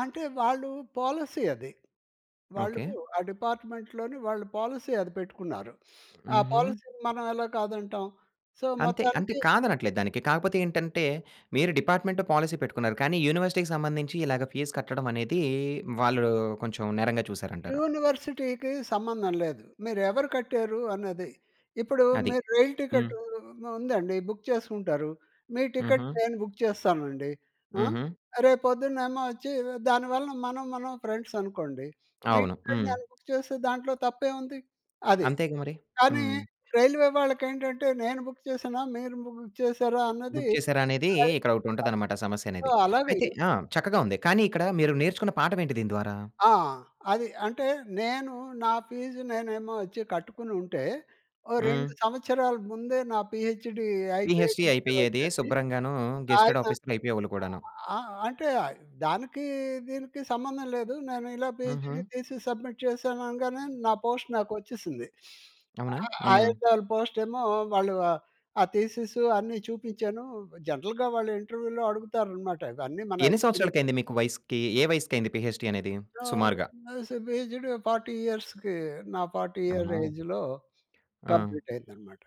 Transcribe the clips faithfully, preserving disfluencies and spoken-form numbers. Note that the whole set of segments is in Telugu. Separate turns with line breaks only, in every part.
అంటే వాళ్ళు పాలిసీ అది. వాళ్ళు
ఓకే.
ఆ డిపార్ట్మెంట్‌లోని వాళ్ళు పాలిసీ అది పెట్టుకున్నారు. ఆ
హుహు.
పాలిసీ‌ని మనం ఎలా కాదంటాం సో,
అంతే అంటే
మొత్తానికి
కాదనట్లేదు దానికి కాకపోతే ఏంటంటే మీరు డిపార్ట్మెంట్ పాలిసీ పెట్టుకున్నారు కానీ యూనివర్సిటీ‌కి సంబంధించి ఇలా‌గా ఫీజ్ కట్టడం అనేది వాళ్ళు కొంచెం నేరంగా చూసారంటారు.
యూనివర్సిటీకి సంబంధం లేదు. మీరు ఎవరు కట్టారు అన్నది. ఇప్పుడు
అది.
మీరు రైల్
హ్మ్.
టికెటు ఉ ఉందండి, బుక్ చేసుకుంటారు. మీ టికెట్
హుహు.
నేను బుక్ చేస్తానండి. ఆ!
హుహు.
రేపు పొద్దున్నేమో వచ్చి దానివలన మనం, మనం ఫ్రెండ్స్ అనుకోండి. మీ
అవును.
టికెట్
హ్మ్.
నేను బుక్ చేస్తే దాంట్లో తప్పేముంది! అది.
అంతేగా మరి.
కానీ
హ్మ్.
రైల్వే వాళ్ళకి ఏంటంటే నేను బుక్ చేశానా మీరు బుక్ చేశారా అన్నది
బుక్
అయి
చేసారా అనేది
కా
ఇక్కడ ఒకటి ఉంటది
[unintelligible]
అన్నమాట సమస్య
సో,
అనేది.
అలాగే
అయితే ఆ! చక్కగా ఉంది. కానీ ఇక్కడ మీరు నేర్చుకున్న పాఠం ఏంటి దీని ద్వారా?
ఆ! అది. అంటే నేను నా ఫీజు నేనేమో వచ్చి కట్టుకుని ఉంటే ఓ రెండు
హ్మ్.
సంవత్సరాల ముందే నా పీహెచ్‌డీ అయిపోయే
పీహెచ్‌డీ
డిగ్రీ
అయిపోయేది
వచ్చేది.
శుభ్రంగాను గేజ్టెడ్
ఆయన
ఆఫీసర్ అయిపోయేవాళ్ళు కూడాను.
ఆ! అంటే దానికి దీనికి సంబంధం లేదు. నేను ఇలా
హుహు.
పీహెచ్‌డీ తీసి సబ్మిట్ చేశాను అనగానే నా పోస్ట్ నాకు వచ్చేసింది.
అవునా?
అ
హ్మ్.
ఆయుదాల పోస్టేమో వాళ్ళు ఆహ్, ఆ థీసిస్ అన్ని చూపించాను. జనరల్‌గా వాళ్ళు ఇంటర్వ్యూలో అడుగుతారనమాట. ఇవన్నీ మన
ఎన్ని
ఎక్స్‌పిరి
సంవత్సరాలకు అయింది మీకు వయసుకి ఏ వయసుకయింది పీహెచ్‌డీ అనేది?
[unintelligible]
సుమారుగా.
పీహెచ్‌డీ ఫార్టీ ఇయర్స్‌కి నా ఫార్టీ ఇయర్‌
అమ్మో!
ఏజ్‌‌‌‌లో
ఆ!
కంప్లీట్ అయిందనమాట.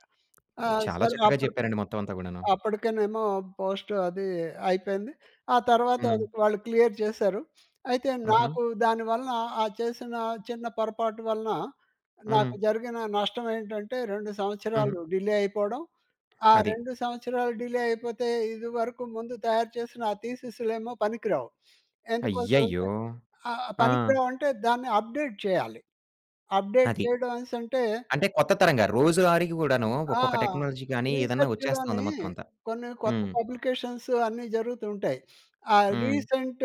ఆ!
చాలా
సరే
చక్కగా
అప్పటి‌కే
చెప్పారండి మొత్తం అంతా కూడాను.
అప్పటికేనేమో పోస్ట్ అది అయిపోయింది. ఆ తరువాత అది
హ్మ్.
వాళ్ళు క్లియర్ చేశారు. అయితే
హుహు.
నాకు దాని వలన ఆ చేసిన చిన్న పొరపాటు వలన నాకు
హ్మ్.
జరిగిన నష్టం ఏంటంటే రెండు
హుహు.
సంవత్సరాలు డిలే అయిపోవడం. ఆ
అది.
రెండు సంవత్సరాలు డిలే అయిపోతే ఇది వరకు ముందు తయారు చేసిన ఆ థీసిస్‌లేమో పనికి రావు. ఎందుకోసం అంటే
అయ్యయ్యో!
ఆహ్, ఆ
ఆ!
పనికిరావంటే దాన్ని అప్డేట్ చేయాలి. అప్డేట్
అది.
చేయడం అనేసంటే
అంటే కొత్త తరంగా రోజువారికి గూడాను
ఆ!
ఒక్కొక్క టెక్నాలజీగాని ఏదైనా వచ్చేస్తా
రిసర్చ్‌లోని
ఉంది మొత్తం అంతా!
కొన్ని కొత్త
హ్మ్.
పబ్లికేషన్‌స్ అన్ని జరుగుతూ ఉంటాయి. ఆ!
హ్మ్.
రీసెంట్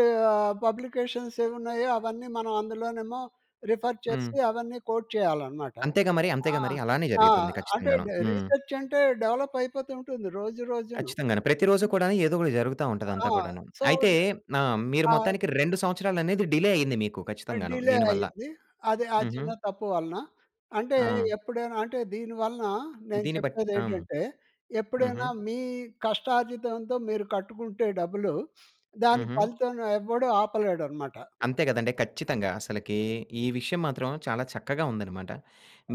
పబ్లికేషన్‌స్ ఏవున్నాయో అవన్నీ మనం అందులోనేమో రిఫర్ చేసి
హ్మ్.
అవన్నీ కోడ్ చేయాలన్నమాట.
అంతేగా మరి.
ఆ!
అంతేగా మరి. అలానే
ఆ!
జరిగుతుంది
అంటే
ఖచ్చితంగాను.
డే
హ్మ్.
రిసర్చంటే డెవలప్ అయిపోతూ ఉంటుంది. రోజు రోజు‌ను.
ఖచ్చితంగాను. ప్రతి రోజు కూడాను ఏదో ఒకటి జరుగుతా
ఆ!
ఉంటది అంతా కూడాను.
సో,
అయితే
ద్
నా మీరు
ఆ!
మొత్తానికి రెండు సంవత్సరాలు అనేది డిలే అయింది మీకు
ఆహ్,
ఖచ్చితంగాను.
డిలే
దీని వల్ల.
అయింది. అదే ఆ
హుహు.
చిన్న తప్పు వలన. అంటే
ఆ!
ఎప్పుడైనా అంటే దీని వలన నేను
దీన్ని బట్టి
చెప్పేది
ఆ!
ఏంటంటే
హుహు.
ఎప్పుడైనా మీ కష్టార్జితంతో మీరు కట్టుకుంటే డబ్బులు దాని
హుహు.
ఫలితం ఎవ్వడు ఆపలేడనమాట.
అంతే కదండీ. ఖచ్చితంగా. అసలకి ఈ విషయం మాత్రం చాలా చక్కగా ఉందన్నమాట.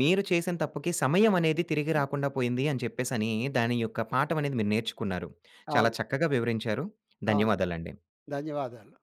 మీరు చేసిన తప్పుకి సమయం అనేది తిరిగి రాకుండా పోయింది అని చెప్పేసి అని దాని యొక్క పాఠం అనేది మీరు నేర్చుకున్నారు. చాలా
అవును.
చక్కగా వివరించారు.
ఆ!
ధన్యవాదాలండి.
ధన్యవాదాలు.